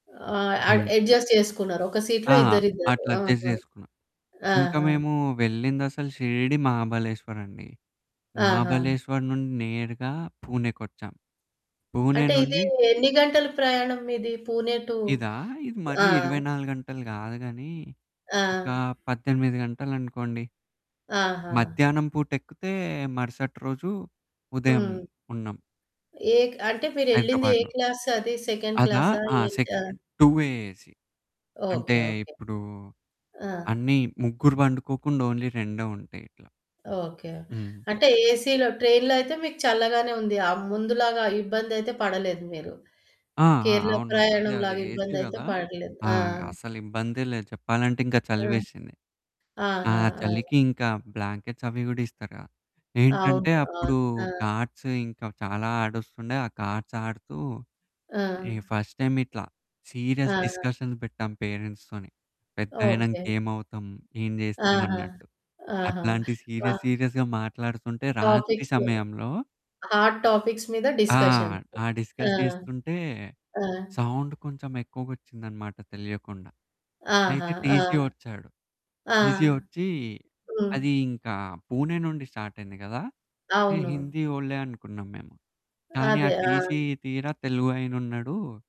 ఆ! అడ్ హ్మ్. అడ్జస్ట్ చేసుకున్నారు. ఒక ఆ! సీట్‌లో ఇద్దరిద్దరు. అట్లా అడ్జస్ట్ ఆహా! జేసుకున్నా. ఇంకా ఆహా! మేము వెళ్ళిందసలు షిరిడి, మహాబలేశ్వర్ అండి. ఆహా! మహాబలేశ్వర్ నుండి నేరుగా పూణేకొచ్చాం. పూణే అంటే ఇది నుండి ఎన్ని గంటలు ప్రయాణం ఇది? పూణే టు ఇదా? ఇది ఆ! మరీ 24 గంటలు గాదు గానీ, ఆ! ఒక 18 గంటలు అనుకోండి. ఆహా! మధ్యాహ్నం పూటెక్కితే, మరుసటి రోజు ఉదయం హ్మ్. ఉన్నాం. ఏక్ అంటే మీరెళ్ళింది ఏ హైదరాబాద్‌లో. క్లాసది సెకండ్ అదా? క్లాసా ఆ! ఏంటా? Second two A AC. అంటే ఓకే. ఓకే. ఇప్పుడు ఆ! అన్ని, ముగ్గురు పండుకోకుండా ఓన్లీ రెండే ఉంటాయి ఇట్లా. ఓకే. హ్మ్. అంటే ఏసీ‌లో ట్రైన్‌లో అయితే మీకు చల్లగానే ఉంది. ఆ ముందు లాగా ఇబ్బంది అయితే పడలేదు మీరు. ఆ! ఆ! కేరళ అవును. అదే, ప్రయాణం అదే. లాగా ఏసీ ఇబ్బంది అయితే కదా! పడట్లేదు. ఆ! ఆ! అసల ఇబ్బందే లేదు చెప్పాలంటే ఇంకా ఆ! చలివేసింది. ఆ ఆహా! ఆ! చలికింకా బ్లాంకెట్స్ అవి కూడా ఇస్తారుగా అవును. ఏంటంటే, అవును. అప్పుడు ఆ! కార్డ్స్ ఇంకా చాలా ఆడొస్తుండే, ఆ కార్డ్స్ ఆడుతూ, ఆ! ఈ ఫస్ట్ టైమ్ ఇట్లా సీరియస్ ఆ! డిస్కషన్స్ పెట్టాం పేరెంట్స్‌తోని పెద్దయినాక ఓకే. ఏమవుతాం, ఏం చేస్తాం ఆహా! అన్నట్టు. ఆహా! అట్లాంటి సీరియస్, వహ్! సీరియస్‌గా మాట్లాడుతుంటే రాత్రి టాపిక్సు సమయంలో హాట్ టాపిక్స్ మీద ఆ! డిస్కషన్సు. ఆ ఆ! డిస్కస్ జేస్తుంటే, ఆ! సౌండ్ కొంచెం ఎక్కువగొచ్చిందన్నమాట తెలియకుండా. ఆహా! అయితే ఆ! టీసీ వచ్చాడు. ఆ! టీసీ వచ్చి, హ్మ్. అది ఇంకా పూణే నుండి స్టార్టైయింది కదా! ఈ అవును. హిందీ వోళ్ళే అనుకున్నాం మేము. కానీ, ఆ అదే. ఆ! టీసీ తీరా తెలుగు అయినున్నాడు.